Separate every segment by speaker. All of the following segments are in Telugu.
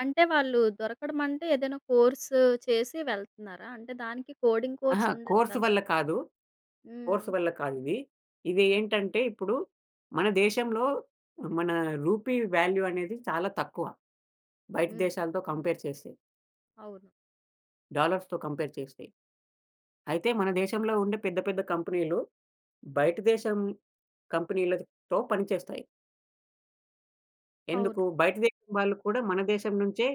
Speaker 1: అంటే, వాళ్ళూ దొరకడమంటే ఏదైనా కోర్సూ చేసి వెళ్తన్నారా? అంటే, దానికి కోడింగ్
Speaker 2: అహ!
Speaker 1: కోర్స్ ఉండాలి
Speaker 2: కోర్స్
Speaker 1: కదా!
Speaker 2: వల్ల కాదు.
Speaker 1: హ్మ్.
Speaker 2: కోర్స్ వల్ల కాదిదీ. ఇది ఏంటంటే, ఇప్పుడు మన దేశంలో మనా రూపీ వాల్యూ అనేది చాలా తక్కువ బయట
Speaker 1: హ్మ్.
Speaker 2: దేశాలతో కంపేర్ చేస్తే.
Speaker 1: అవును.
Speaker 2: డాలర్స్‌తో కంపేర్ చేస్తే. అయితే, మన దేశంలో ఉండే పెద్ద పెద్ద కంపెనీ‌లు, బయట దేశం కంపెనీ‌లతో పనిచేస్తాయి. ఎందుకూ,
Speaker 1: అవును.
Speaker 2: బయట దేశం వాళ్ళు కూడా మన దేశం నుంచే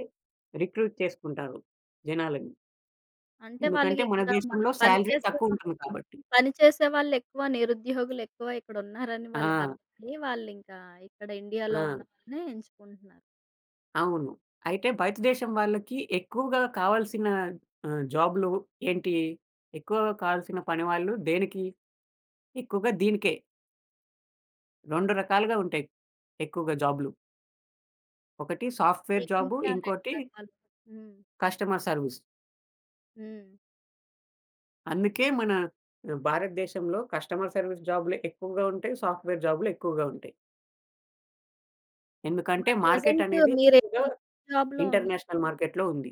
Speaker 2: రిక్రూట్ చేసుకుంటారు జనాలని.
Speaker 1: అంటే,
Speaker 2: ఎందుకంటే, మన
Speaker 1: వాళ్ళగిక్కడా మనం
Speaker 2: దేశంలో
Speaker 1: పని
Speaker 2: శాలరీ
Speaker 1: చేసే వ
Speaker 2: తక్కువుంటుంది కాబట్టి.
Speaker 1: పని చేసే వాళ్ళెక్కువ, నిరుద్యోగులెక్కువ ఇక్కడున్నారని
Speaker 2: ఆ!
Speaker 1: వాళ్ళకఅర్థమయ్యీ, వాళ్ళింకా ఇక్కడ ఇండియాలో
Speaker 2: ఆ!
Speaker 1: ఉన్నవాళ్ళనే ఎంచుకుంటన్నారు.
Speaker 2: అవును. అయితే, బయట దేశం వాళ్ళకీ ఎక్కువుగా కావాల్సిన ఆహ్, జాబ్లు ఏంటీ, ఎక్కువగా కావాల్సిన పని వాళ్ళు దేనికి, ఎక్కువగా దీనికే. రొండు రకాలుగా ఉంటాయి ఎక్కువగా జాబ్లు. ఒకటి సాఫ్ట్‌వేర్ జాబు.
Speaker 1: ఏంటి ఆ 2
Speaker 2: ఇంకోటి...
Speaker 1: రకాలు? హ్మ్.
Speaker 2: Customer service.
Speaker 1: హ్మ్.
Speaker 2: అందుకే మన ఆహ్, భారతదేశంలో కస్టమర్ సర్విస్ జాబులే ఎక్కువగా ఉంటాయి. సాఫ్ట్‌వేర్ జాబులేక్కువగా ఉంటాయి. ఎందుకంటే,
Speaker 1: మరి
Speaker 2: మార్కెట్
Speaker 1: ప్రెజెంట్
Speaker 2: అనేది ఎక్కువగా
Speaker 1: మీరేమి జాబ్‌లో ఉన్నారు?
Speaker 2: ఇంటర్నేషనల్ మార్కెట్‌లో ఉంది.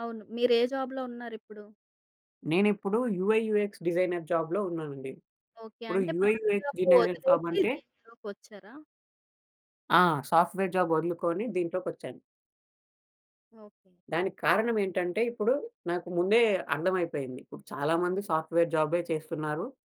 Speaker 1: అవును. మీరే జాబ్‌లో ఉన్నారిప్పుడు?
Speaker 2: నేనిప్పుడూ యూ‌ఐయూఎక్స్ డిజైనర్ జాబ్‌లో ఉన్నానండి.
Speaker 1: ఓకే.
Speaker 2: ఇప్పుడు
Speaker 1: అంటే, పాత
Speaker 2: యూఐయూఎక్స్
Speaker 1: జాబు
Speaker 2: డిజైనర్
Speaker 1: ఒదిలేసి
Speaker 2: ఫార్మంటే
Speaker 1: దీనిలోకొచ్చారా?
Speaker 2: ఆ! సాఫ్ట్‌వేర్ జాబ్ ఒదులుకోని దీంట్లోకొచ్చాను.
Speaker 1: ఓకే.
Speaker 2: దానికి కారణమేంటంటే, ఇప్పుడు నాకు ముందే అర్థమైపోయింది. ఇప్పుడు చాలామంది సాఫ్ట్‌వేర్ జాబే చేస్తున్నారు.